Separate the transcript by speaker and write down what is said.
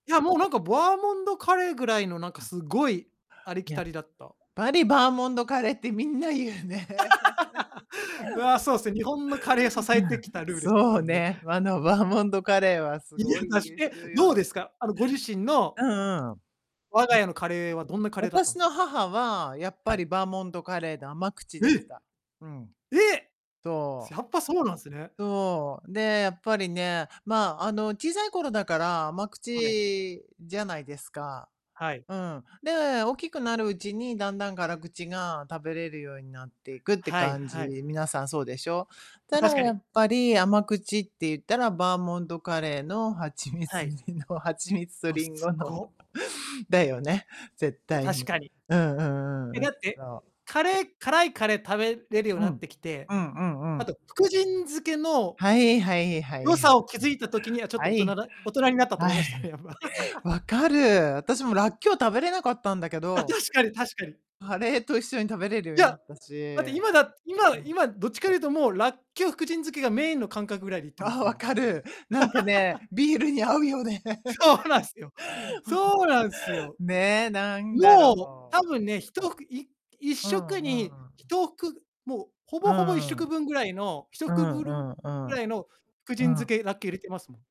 Speaker 1: いや、もうなんかバーモンドカレーぐらいのなんかすごい、ありき
Speaker 2: やっ
Speaker 1: たりだった。
Speaker 2: ぱり、バーモンドカレーってみんな言うね。
Speaker 1: うわ、そうですね、日本のカレーを支
Speaker 2: う
Speaker 1: え
Speaker 2: ん、
Speaker 1: てきたルーですね、
Speaker 2: そ
Speaker 1: た
Speaker 2: う
Speaker 1: ぶんね。
Speaker 2: ね、あのバーモンドカレーはす
Speaker 1: いや
Speaker 2: ごい
Speaker 1: 出し
Speaker 2: 優
Speaker 1: て、
Speaker 2: 秀よ
Speaker 1: どうで
Speaker 2: ね。
Speaker 1: すか？あのご自身の
Speaker 2: うんうん。うん。
Speaker 1: 我が家のカレーはどんなカレーだったん
Speaker 2: 私
Speaker 1: です
Speaker 2: の
Speaker 1: か？
Speaker 2: 母は、やっ
Speaker 1: は
Speaker 2: ぱ
Speaker 1: い。
Speaker 2: りバーモンドカレーで甘口でし
Speaker 1: え！
Speaker 2: た。うん。
Speaker 1: え！
Speaker 2: そ
Speaker 1: やっぱそうなんすね。
Speaker 2: う。そう。で、やっぱりね、まあ、あの、小さい頃だから甘
Speaker 1: はい。
Speaker 2: 口じゃないですか。
Speaker 1: はい。
Speaker 2: うん。で、大きくなるうちにだんだん辛口が食べれるようになっていくって
Speaker 1: はい
Speaker 2: 感じ。
Speaker 1: はい。
Speaker 2: 皆さんそうでしょ？
Speaker 1: ま、
Speaker 2: ただ
Speaker 1: 確か
Speaker 2: や
Speaker 1: に。
Speaker 2: っぱり甘口って言ったらバーモンドカレーの蜂
Speaker 1: は
Speaker 2: 蜜
Speaker 1: い。
Speaker 2: 入りの蜂蜜と
Speaker 1: む [unintelligible]
Speaker 2: リン
Speaker 1: す
Speaker 2: ゴの、
Speaker 1: ご。
Speaker 2: だよね、絶
Speaker 1: いや、
Speaker 2: 対
Speaker 1: 確
Speaker 2: に。
Speaker 1: かに。
Speaker 2: うんうんう
Speaker 1: え、
Speaker 2: んうん、
Speaker 1: だって、
Speaker 2: そう。
Speaker 1: カレー辛いカレー食べれるよう
Speaker 2: う
Speaker 1: になっ
Speaker 2: ん。
Speaker 1: てきて、
Speaker 2: うんうんう
Speaker 1: あ
Speaker 2: ん。
Speaker 1: と福神漬けの
Speaker 2: はいはいは
Speaker 1: 良
Speaker 2: い。は。
Speaker 1: さを気づいた時にはちょっ
Speaker 2: は
Speaker 1: と大人
Speaker 2: い。
Speaker 1: だ大人になったと思い
Speaker 2: は
Speaker 1: ましたね、
Speaker 2: い。
Speaker 1: やっぱ。
Speaker 2: 分かる。私 も
Speaker 1: [unintelligible]
Speaker 2: らっきょう食べれなかったんだけ
Speaker 1: あ、
Speaker 2: ど。
Speaker 1: 確かに確かに。
Speaker 2: カレーと一緒に食べれるよう
Speaker 1: い
Speaker 2: にな
Speaker 1: や、
Speaker 2: ったし。
Speaker 1: だって今
Speaker 2: う
Speaker 1: だ今
Speaker 2: ん。
Speaker 1: 今どっちかというともうラッキョウ福神漬けがメインの感覚ぐらいで行ってま
Speaker 2: ああ、
Speaker 1: すも
Speaker 2: 分
Speaker 1: ん。
Speaker 2: かる。なんかね、ビールに合うよね。ほ
Speaker 1: そうなんすよ。そうなんすよ。
Speaker 2: んねえ、なんだ
Speaker 1: もう、多
Speaker 2: ろう。
Speaker 1: 分ね、ひとふいいっ
Speaker 2: う
Speaker 1: しょく
Speaker 2: ん
Speaker 1: に
Speaker 2: う
Speaker 1: ひ
Speaker 2: ん。
Speaker 1: とふく、もう、ほ
Speaker 2: う
Speaker 1: ぼほぼいっしょ
Speaker 2: ん。うん
Speaker 1: くぶんぐらいの、ひ
Speaker 2: う
Speaker 1: とくぶるん
Speaker 2: んう
Speaker 1: ぐら
Speaker 2: ん。
Speaker 1: いの福神
Speaker 2: う
Speaker 1: 漬
Speaker 2: ん。
Speaker 1: けだけ入れてますもん。